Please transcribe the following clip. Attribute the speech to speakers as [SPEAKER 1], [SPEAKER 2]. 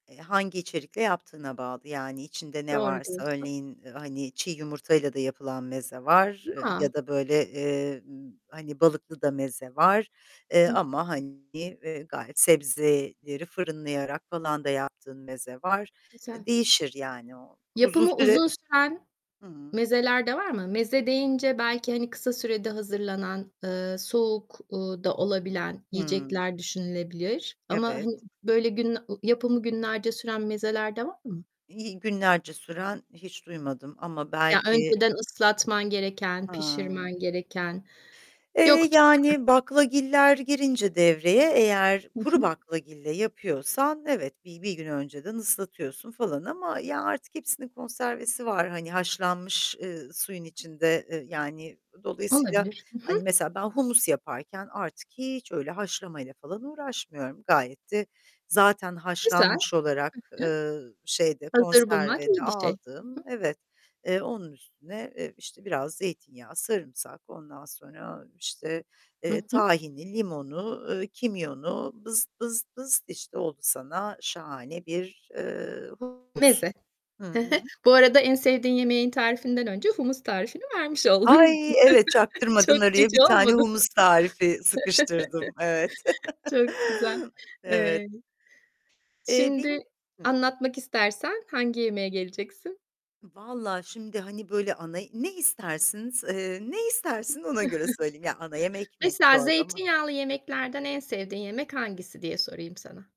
[SPEAKER 1] Eee, hangi içerikle yaptığına bağlı. Yani içinde ne
[SPEAKER 2] Doğru
[SPEAKER 1] varsa,
[SPEAKER 2] diyorsun.
[SPEAKER 1] örneğin; hani çiğ yumurtayla da yapılan meze var
[SPEAKER 2] Ya!
[SPEAKER 1] ya da, böyle, eee, hani, balıklı da meze var, eee,
[SPEAKER 2] Hıh.
[SPEAKER 1] ama, hani, eee, gayet sebzeleri fırınlayarak falan da yaptığın meze var, e,
[SPEAKER 2] Güzel.
[SPEAKER 1] değişir yani o. Uzun
[SPEAKER 2] Yapımı
[SPEAKER 1] süre
[SPEAKER 2] uzun süren
[SPEAKER 1] Hıı
[SPEAKER 2] mezeler de var mı? Meze deyince belki, hani, kısa sürede hazırlanan, eee, soğuk, uuu, da olabilen
[SPEAKER 1] Hımm.
[SPEAKER 2] yiyecekler düşünülebilir ama
[SPEAKER 1] Evet.
[SPEAKER 2] hani böyle gün ı yapımı günlerce süren mezeler de var mı?
[SPEAKER 1] İii, günlerce süren hiç duymadım ama
[SPEAKER 2] Ya,
[SPEAKER 1] belki
[SPEAKER 2] önceden ıslatman gereken,
[SPEAKER 1] Hıı.
[SPEAKER 2] pişirmen gereken
[SPEAKER 1] Eee,
[SPEAKER 2] yoktur, değil mi?
[SPEAKER 1] yani, baklagiller girince devreye, eğer
[SPEAKER 2] Hı
[SPEAKER 1] kuru
[SPEAKER 2] hı.
[SPEAKER 1] baklagille yapıyorsan, evet, bi bir gün önceden ıslatıyorsun falan ama ya, artık hepsinin konservesi var; hani haşlanmış, eee, suyun içinde, eee, yani dolayısıyla,
[SPEAKER 2] Olabilir. Hı hı.
[SPEAKER 1] hani, mesela ben humus yaparken artık hiç öyle haşlamayla falan uğraşmıyorum. Gayet de zaten
[SPEAKER 2] Güzel. Hı
[SPEAKER 1] haşlanmış olarak, eee, şeyde,
[SPEAKER 2] hı. Hazır bulmak
[SPEAKER 1] konserve de
[SPEAKER 2] iyi bir şey. Hı hı.
[SPEAKER 1] aldım. Evet, eee, onun üstüne, e, işte, biraz zeytinyağı, sarımsak, ondan sonra, işte, eee,
[SPEAKER 2] Hı hı.
[SPEAKER 1] tahini, limonu, eee, kimyonu, bızt bızt bızt, işte, oldu sana şahane bir, eee, humus.
[SPEAKER 2] Meze, hı hı.
[SPEAKER 1] Hı hı.
[SPEAKER 2] Bu arada, en sevdiğin yemeğin tarifinden önce humus tarifini vermiş oldun.
[SPEAKER 1] Ay, evet, çaktırmadan
[SPEAKER 2] Çok
[SPEAKER 1] araya
[SPEAKER 2] cici
[SPEAKER 1] bir tane
[SPEAKER 2] olmadı mı?
[SPEAKER 1] humus tarifi sıkıştırdım. Evet.
[SPEAKER 2] Çok güzel.
[SPEAKER 1] Evet.
[SPEAKER 2] Eee,
[SPEAKER 1] Eee,
[SPEAKER 2] şimdi
[SPEAKER 1] benim Hıh.
[SPEAKER 2] anlatmak istersen hangi yemeğe geleceksin?
[SPEAKER 1] Vallahi, şimdi, hani, böyle, ana ne istersiniz, eee, ne istersin? Ona göre söyleyeyim. Ya, ana yemek mi
[SPEAKER 2] Mesela
[SPEAKER 1] çorba mı?
[SPEAKER 2] zeytinyağlı yemeklerden en sevdiğin yemek hangisi diye sorayım sana.